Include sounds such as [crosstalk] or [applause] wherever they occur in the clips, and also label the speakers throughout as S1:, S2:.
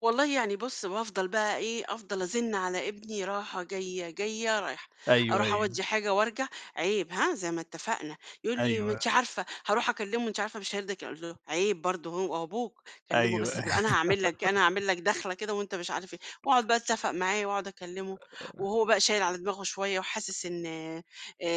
S1: والله يعني بُصّ، بافضل بقى إيه أفضل أزِن على ابني راحة جايّة جايّة رايحة،
S2: أيوه،
S1: أروح
S2: أيوه.
S1: أودّي حاجة وأرجع، عيب ها زي ما اتفقنا، يقول لي ما
S2: أيوه.
S1: أنتِ عارفة هاروح أكلِّمه أنتِ عارفة مش هيرضى يكلّ أقول له عيب برضه هو أبوك، كلِّمه بس
S2: أيوه.
S1: بال أنا هاعمل لك إيه، أنا
S2: [laughs]
S1: هاعمل لك داخلة كده وأنت مش عارف إيه، وأقعد بقى أتفق معاه وأقعد أكلِّمه،
S2: [unintelligible]
S1: وهو بقى شايل على دماغه شويّة وحاسس إن آآ،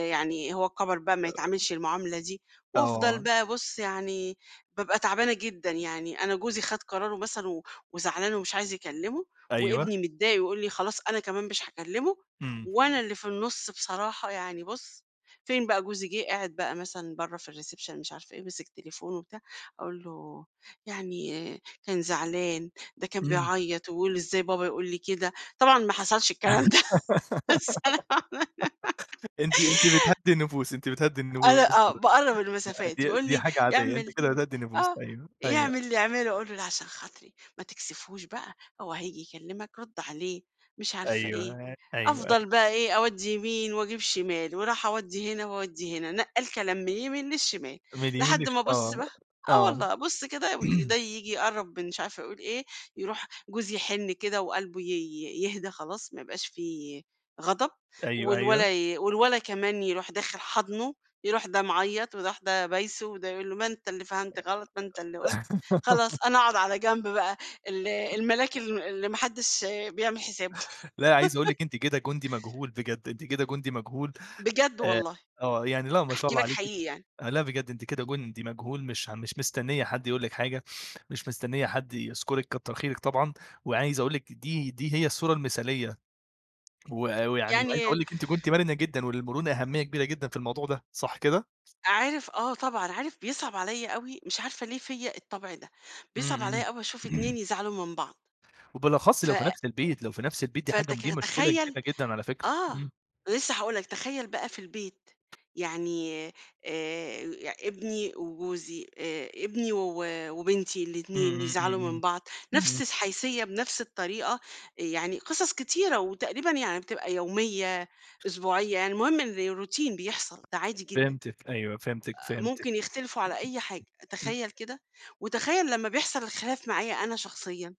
S1: يعني هو كَبر بقى ما يتعاملش المعاملة دي، وأفضل
S2: طبعًا.
S1: بقى بُصّ يعني، بابقى تعبانة جدًا، يعني أنا جوزي خد قرارُه مثلًا و وزعلان ومش عايز يكلِّمه،
S2: أيوه.
S1: وابني متضايق ويقول لي خلاص أنا كمان مش هاكلِّمه،
S2: امم.
S1: وأنا اللي في النُصّ بصراحة يعني بُصّ، فين بقى جوزي جِه قاعد بقى مثلًا برّه في الريسيبشن مش عارفة إيه، مِسِك تليفونه وبتاع، أقول له، يعني كان زعلان، ده كان
S2: امم.
S1: بيعيّط ويقول إزاي بابا يقول لي كده، طبعًا ما حصلش الكلام ده، [laughs] بس أنا.
S2: [giggles] أنتِ أنتِ
S1: [unintelligible]
S2: بتهدِّي النفوس أنتِ بتهدِّي
S1: أنا
S2: النفوس
S1: آه
S2: كده،
S1: باقرّب المسافات
S2: دي
S1: يقول
S2: دي
S1: لي
S2: حاجة عاديّة، أنتِ
S1: يعمل
S2: كده بتهدِّي النفوس
S1: آه،
S2: أيوه، أيوه.
S1: يعمل اللي يعمله أقول له لأ عشان خاطري، ما تكسفهوش بقى، هو هييجي يكلِّمك رُدّ عليه، مش عارفة
S2: أيوه،
S1: إيه،
S2: أيوه، أيوه.
S1: أفضل بقى إيه أودّي يمين وأجيب شمال، وأروح أودّي هنا وأودّي هنا، نقّال كلام من اليمين للشمال،
S2: من اليمين
S1: لحد
S2: للش
S1: ما بُصّ
S2: آه،
S1: بقى، آه
S2: آه.
S1: والله أبُصّ كده وده
S2: [clears throat]
S1: ييجي يقرّب مش عارفة يقول إيه، يروح جوزي يحِنّ كده وقلبه ي يهدى خلاص ما يبقاش في غضب،
S2: أيوه،
S1: والولد
S2: أيوه.
S1: ي والولد كمان يروح داخل حاضنُه، يروح ده معيّط ويروح ده بايسُه، وده يقول له ما أنت اللي فهمت غلط، ما أنت اللي قُلت، خلاص
S2: [laughs]
S1: أنا أقعد على جنب بقى، ال الملاك اللي ما حدش بيعمل حسابه.
S2: لا عايز أقول لِك أنتِ كده جندي
S1: [laughs]
S2: مجهول بجد، أنتِ كده جندي مجهول،
S1: بجد
S2: آآ،
S1: والله،
S2: آه يعني لأ ما شاء
S1: باحكي
S2: الله
S1: لك
S2: عليكِ،
S1: حقيقي يعني.
S2: لأ بجد أنتِ كده جندي مجهول، مش م مش مستنية حد يقول لِك حاجة، مش مستنية حد يذكُرِك كتر خيرِك طبعًا، وعايز أقول لِك دي دي هي الصورة المثاليّة، و ويعني وعايز
S1: يعني.
S2: أقول لِك أنتِ كنتِ مرنة جدًا، وللمرونة أهمية كبيرة جدًا في الموضوع ده، صح كده؟
S1: عارف، آه طبعًا، عارف بيصعب عليَّ أوي مش عارفة ليه فيّا الطبع ده،
S2: امم،
S1: بيصعب
S2: امم.
S1: عليَّ أوي أشوف
S2: [clears throat]
S1: اتنين يزعلوا من بعض.
S2: وبالأخص
S1: ف
S2: لو في نفس البيت لو في نفس البيت دي حاجة دي
S1: فتك-
S2: مشكلة
S1: تخيّل،
S2: كبيرة جدًا على فكرة،
S1: آه،
S2: امم.
S1: لسّه هاقول لك تخيّل بقى في البيت، يعني آآ، آآ، ابني وجوزي آآ، ابني و وبنتي
S2: امم،
S1: الاتنين
S2: امم، امم،
S1: يزعلوا من بعض،
S2: امم،
S1: نفس
S2: امم.
S1: الحيثية بنفس الطريقة، يعني قصص كتيرة، وتقريبًا يعني بتبقى يوميّة، أسبوعيّة، يعني المهم إن روتين بيحصل ده عادي جدًا،
S2: فهمتِك، أيوه، فهمتِك،
S1: أ
S2: فهمتِك.
S1: ممكن يختلفوا على أي حاجة
S2: امم.
S1: تخيّل كده، وتخيّل لمّا بيحصل الخلاف معايا أنا شخصيًا.